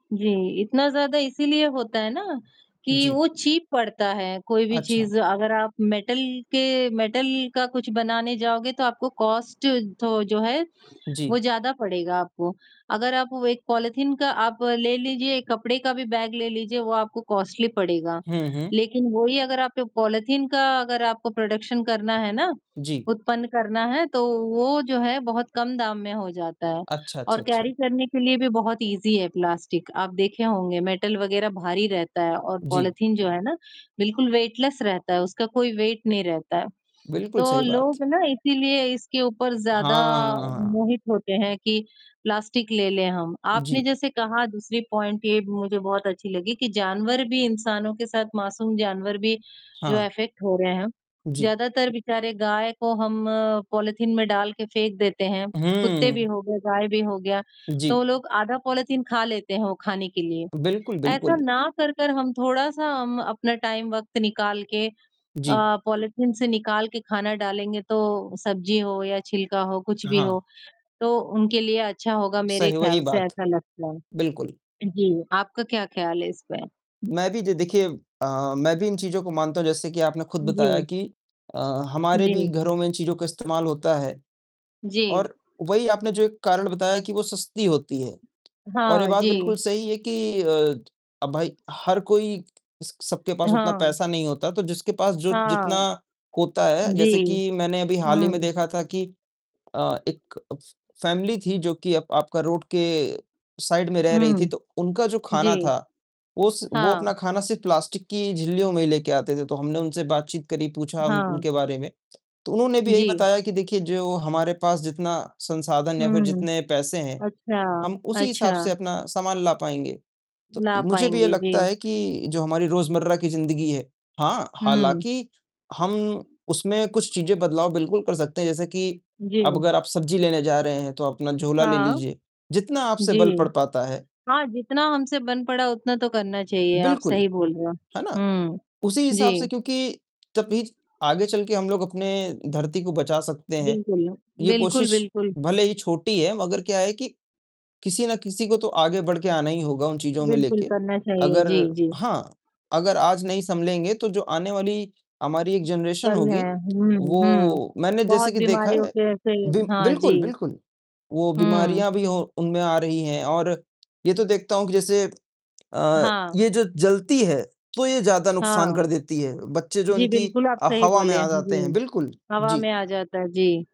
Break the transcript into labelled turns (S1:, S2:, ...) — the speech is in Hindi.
S1: जी, इतना ज़्यादा इसीलिए होता है ना, कि
S2: जी।
S1: वो चीप पड़ता है, कोई भी
S2: अच्छा।
S1: चीज़ अगर आप मेटल के मेटल का कुछ बनाने जाओगे तो आपको कॉस्ट थो जो है, वो
S2: जी।
S1: ज़्यादा पड़ेगा आपको। अगर आप वो एक पॉलिथीन का आप ले लीजिए, एक कपड़े का भी बैग ले लीजिए, वो आपको कॉस्टली पड़ेगा।
S2: हुँ, हुँ।
S1: लेक़िन वही अगर आपके पॉलिथीन का अगर आपको प्रोडक्शन करना है ना,
S2: जी।
S1: उत्पन्न करना है, तो वो जो है बहुत कम दाम में हो जाता है
S2: अच्छा, अच्छा,
S1: और कैरी
S2: अच्छा।
S1: करने के लिए भी बहुत इज़ी है प्लास्टिक। आप देखे होंगे मेटल वग़ैरह भारी रहता है और
S2: जी।
S1: पॉलिथीन जो है ना, बिल्कुल वेटलेस रहता है, उसका कोई वेट नहीं रहता है।
S2: बिल्कुल,
S1: तो
S2: सही बात।
S1: लोग ना इसीलिए इसके ऊपर ज़्यादा
S2: हाँ।
S1: मोहित होते हैं कि प्लास्टिक ले ले हम, आपने
S2: जी।
S1: जैसे कहा दूसरी पॉइंट ये भी मुझे बहुत अच्छी लगी, कि जानवर भी इंसानों के साथ मासूम जानवर भी जो
S2: हाँ।
S1: अफ़ेक्ट हो रहे हैं।
S2: जी।
S1: ज़्यादातर बेचारे गाय को हम पॉलिथीन में डाल के फेंक देते हैं, कुत्ते भी
S2: हुँ।
S1: हो गए, गाय भी हो गया,
S2: जी।
S1: तो लोग आधा पॉलिथीन ख़ा लेते हैं वो ख़ाने के लिए।
S2: बिल्कुल,
S1: ऐसा
S2: बिल्कुल।
S1: ना कर-कर हम थोड़ा-सा अम, अपना टाइम वक़्त निकाल के अ,
S2: जी।
S1: पॉलिथीन से निकाल के ख़ाना डालेंगे, तो सब्ज़ी हो या छिलका हो, कुछ भी हो,
S2: हाँ।
S1: तो उनके लिए अच्छा होगा, मेरे
S2: सही वही
S1: ख्याल से
S2: बात।
S1: ऐसा लगता है।
S2: बिल्कुल।
S1: जी, आपका क्या ख्याल है इस पे?
S2: मैं भी जो देखिए अ, मैं भी इन चीज़ों को मानता हूँ, जैसे कि आपने ख़ुद बताया
S1: जी।
S2: कि अ, हमारे भी
S1: जी।
S2: घरों में इन चीज़ों का इस्तेमाल होता है।
S1: जी।
S2: और वही आपने जो एक कारण बताया कि वो सस्ती होती है और ये
S1: हाँ
S2: बात
S1: जी।
S2: बिल्कुल सही है कि अ, अब भाई हर कोई स सबके पास उतना
S1: हाँ।
S2: पैसा नहीं होता, तो जिसके पास जो जितना
S1: हाँ।
S2: होता है, जैसे
S1: जी।
S2: कि मैंने अभी हाल ही में
S1: हुँ।
S2: देखा था कि अ, एक फ़ फ़ैमिली थी जो कि आप आपका रोड के साइड में रह रही थी,
S1: हुँ।
S2: तो उनका जो ख़ाना
S1: जी,
S2: था वो स वो अपना
S1: हाँ।
S2: ख़ाना सिर्फ़ प्लास्टिक की झिल्लियों में ही लेके आते थे। तो हमने उनसे बातचीत करी, पूछा उन
S1: हाँ
S2: उनके बारे में, तो उन्होंने भी यही
S1: जी।
S2: बताया कि देखिए जो हमारे पास जितना संसाधन या फ़िर
S1: हुँ।
S2: जितने पैसे हैं,
S1: अच्छा,
S2: हम उसी हिसाब
S1: अच्छा।
S2: से अपना सामान ला पाएँगे। तो
S1: ला
S2: मुझे भी ये
S1: पाएँगे, जी।
S2: लगता है कि जो हमारी रोज़मर्रा की ज़िंदगी है हाँ,
S1: हुँ।
S2: हालाँकि हम उसमें कुछ चीज़ें बदलाव बिल्कुल कर सकते हैं, जैसे कि,
S1: जी।
S2: अब अगर आप सब्ज़ी लेने जा रहे हैं तो अपना झोला ले
S1: हाँ।
S2: लीजिए, जितना आपसे बल
S1: जी।
S2: पड़ पाता है
S1: हाँ, जितना हमसे बन पड़ा उतना तो करना चाहिए, आप
S2: बिल्कुल।
S1: सही बोल रहे हो।
S2: है ना?
S1: हुँ,
S2: उसी हिसाब
S1: जी।
S2: से क्योंकि तो फिर आगे चलके हम लोग अपने धरती को बचा सकते हैं,
S1: बिल्कुल,
S2: ये
S1: बिल्कुल,
S2: कोशिश
S1: बिल्कुल।
S2: भले ही छोटी है मगर क्या है कि, किसी ना किसी को तो आगे बढ़ के आना ही होगा उन चीज़ों में
S1: बिल्कुल
S2: लेके।
S1: करना चाहिए,
S2: अगर
S1: जी, जी।
S2: हाँ, अगर आज नहीं सँलेंगे तो जो आने वाली हमारी एक जनरेशन
S1: चल रहे
S2: होगी,
S1: हैं, हुँ, हुँ,
S2: वो मैंने जैसे
S1: बहुत
S2: कि देखा
S1: बीमारियों
S2: है
S1: के ऐसे ही
S2: बि
S1: हाँ
S2: बिल्कुल,
S1: जी।
S2: बिल्कुल, वो
S1: हुँ।
S2: बीमारियाँ भी हो उनमें आ रही हैं और ये तो देखता हूँ कि जैसे अ,
S1: हाँ।
S2: ये जो जलती है, तो ये ज़्यादा नुकसान
S1: हाँ।
S2: कर देती है। बच्चे जो
S1: जी,
S2: उनकी
S1: बिल्कुल आप
S2: अ,
S1: सही
S2: हवा में
S1: बोले
S2: आ
S1: हैं,
S2: जाते हैं,
S1: जी।
S2: बिल्कुल,
S1: हवा
S2: जी।
S1: में आ जाता है जी।